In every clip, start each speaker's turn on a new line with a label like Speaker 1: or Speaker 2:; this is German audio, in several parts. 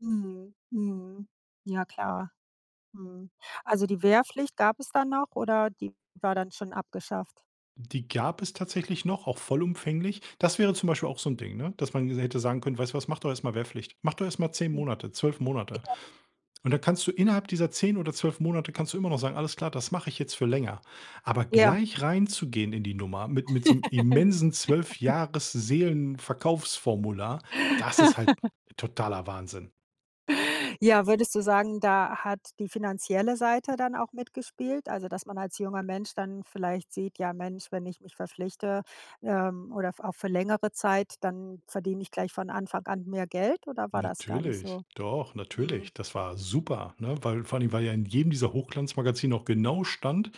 Speaker 1: Mhm. Mhm. Ja, klar. Mhm. Also, die Wehrpflicht gab es da noch oder die war dann schon abgeschafft?
Speaker 2: Die gab es tatsächlich noch, auch vollumfänglich. Das wäre zum Beispiel
Speaker 1: Hm.
Speaker 2: auch so 'n Ding, ne, dass man mir so hätte sagen können: „Weißt du was, mach doch erst mal Wehrpflicht. Mach doch erst mal 10
Speaker 1: Hm,
Speaker 2: Monate, 12 Monate.
Speaker 1: ja.
Speaker 2: Und dann kannst du innerhalb dieser 10 oder 12 Monate kannst du immer noch sagen: ,Alles klar, das mache ich jetzt für länger.’“ Aber
Speaker 1: Ja.
Speaker 2: gleich reinzugehen in die Nummer mit mit so 'nem immensen 12- Jahres-Seelenverkaufsformular, das ist halt totaler Wahnsinn.
Speaker 1: Ja, würdest du sagen, da hat die finanzielle Seite dann auch mitgespielt? Also, dass man als junger Mensch dann vielleicht sieht: „Ja, Mensch, wenn ich mich verpflichte, ähm, oder v auch für längere Zeit, dann verdiene ich gleich von Anfang an mehr Geld?“, oder war das gar nicht
Speaker 2: Natürlich.
Speaker 1: so?
Speaker 2: Doch,
Speaker 1: Mhm.
Speaker 2: natürlich. Das war super, ne? Weil vor allen Dingen weil ja in jedem dieser Hochglanzmagazine auch genau stand,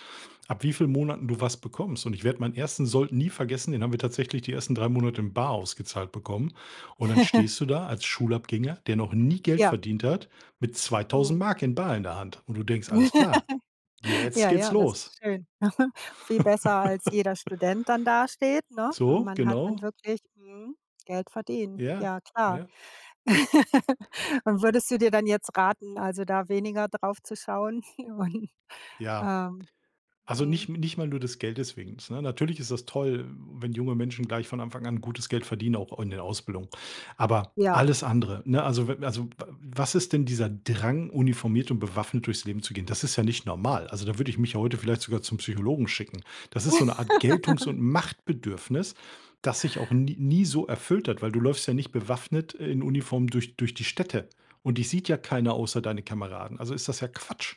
Speaker 2: ab wie viel Monaten du was bekommst. Und ich werde meinen ersten Sold nie vergessen, den haben wir tatsächlich die ersten 3 Monate in bar ausgezahlt bekommen. Und dann stehst du da als Schulabgänger, der noch nie Geld
Speaker 1: Ja.
Speaker 2: verdient hat mit zweitausend
Speaker 1: Mhm.
Speaker 2: Mark in bar in der Hand. Und du denkst: „Alles klar, jetzt
Speaker 1: Ja,
Speaker 2: geht's
Speaker 1: ja, das
Speaker 2: los!“
Speaker 1: ist schön. Viel besser, als jeder Student dann dasteht, ne? Und
Speaker 2: So,
Speaker 1: man hat dann
Speaker 2: genau.
Speaker 1: wirklich, mhm, Geld verdient.
Speaker 2: Ja.
Speaker 1: Ja, klar.
Speaker 2: Ja.
Speaker 1: Und würdest du dir dann jetzt raten, also, da weniger drauf zu schauen? Und,
Speaker 2: Ja.
Speaker 1: ähm.
Speaker 2: Also,
Speaker 1: Mhm.
Speaker 2: nicht m nicht mal nur des Geldes wegens, ne? Natürlich ist das toll, wenn junge Menschen gleich von Anfang an gutes Geld verdienen, auch in der Ausbildung. Aber,
Speaker 1: Ja.
Speaker 2: alles andere, ne, also, w also, w was ist denn dieser Drang, uniformiert und bewaffnet durchs Leben zu gehen? Das ist ja nicht normal. Also, da würde ich mich ja heute vielleicht sogar zum Psychologen schicken. Das ist so 'ne Art Geltungs und Machtbedürfnis, das sich auch nie nie so erfüllt hat, weil du läufst ja nicht bewaffnet, äh, in Uniform, durch durch die Städte und dich sieht ja keiner außer deine Kameraden. Also, ist das ja Quatsch.